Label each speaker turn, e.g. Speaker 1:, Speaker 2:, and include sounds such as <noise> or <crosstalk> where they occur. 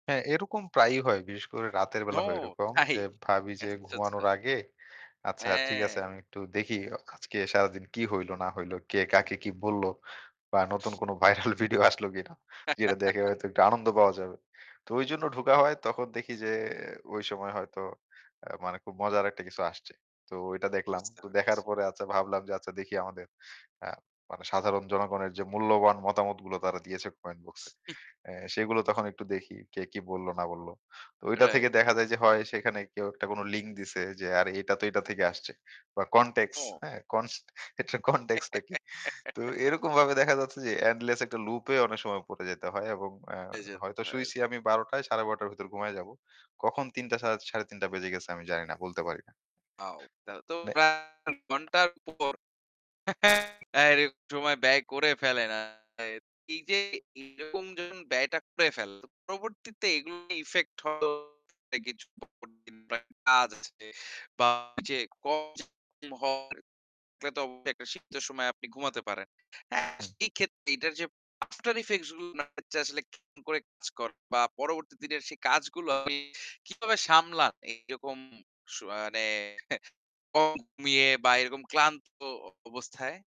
Speaker 1: হ্যাঁ, এরকম প্রায়ই হয়। বিশেষ করে রাতের বেলা
Speaker 2: ও
Speaker 1: হয় এরকম।
Speaker 2: তাই!
Speaker 1: যে ভাবি যে
Speaker 2: আচ্ছা, আচ্ছা।
Speaker 1: ঘুমানোর আগে আচ্ছা, ঠিক আছে।
Speaker 2: হ্যাঁ।
Speaker 1: আমি একটু দেখি আজকে সারাদিন কি হইল না হইল, কে কাকে কি বলল বা নতুন কোন ভাইরাল ভিডিও আসলো কিনা যেটা দেখে
Speaker 2: <chuckles>
Speaker 1: হয়তো একটু আনন্দ পাওয়া যাবে। তো ঐজন্য ঢোকা হয় তখন দেখি যে ঐ সময় হয়তো আ মানে খুব মজার একটা কিছু আসছে। তো ওইটা দেখলাম।
Speaker 2: বুঝতে
Speaker 1: তো দেখার
Speaker 2: পারছি।
Speaker 1: পরে আচ্ছা ভাবলাম যে আচ্ছা দেখি আমাদের আ মানে সাধারণ জনগণের যে মূল্যবান মতামতগুলো তারা দিয়েছে কমেন্ট বক্সে।
Speaker 2: <chuckles>
Speaker 1: এ্যা সেগুলো তখন একটু দেখি কে, কি বলল না বলল। তো ঐটা থেকে
Speaker 2: রাইট।
Speaker 1: দেখা যায় যে হয় সেখানে কেউ একটা কোনো লিঙ্ক দিছে যে আরে এটা তো এটা থেকে আসছে। বা কনটেক্স
Speaker 2: ও!
Speaker 1: হ্যা? কন্স এটা কনটেক্স টা কি তো
Speaker 2: <giggles>
Speaker 1: এরকমভাবে দেখা যাচ্ছে যে এন্ডলেস একটা লুপে অনেক সময় পড়ে যেতে হয় এবং এ্যা
Speaker 2: এজদ
Speaker 1: হয়তো
Speaker 2: ভাই।
Speaker 1: শুয়েছি আমি ১২ টা ১২:৩০ র ভেতর ঘুমায়ে যাবো। কখন ৩ টা সা ৩:৩০ বেজে গেছে আমি জানি না। বলতে পারি না।
Speaker 2: আও তাহলে তো
Speaker 1: মানে
Speaker 2: ঘন্টার পর <chuckles> এরকম সময় ব্যয় করে ফেলে না। এই যে এরকম যে ব্যয়টা করে ফেলে। পরবর্তীতে এগুলো ইফেক্ট হলো <unintelligible> তো অবশ্যই শীত্ত সময়ে আপনি ঘুমাতে পারেন। এ্যা
Speaker 1: হুম।
Speaker 2: সেক্ষেত্রে এটার যে আফটার ইফেক্টস গুলো না আসলে কি করে কাজ কর বা পরবর্তী দিনের সেই কাজগুলো আপনি কিভাবে সামলান এরকম সুআ মানে <scoffs> কম ঘুমিয়ে বা এরকম ক্লান্ত অবস্থায়?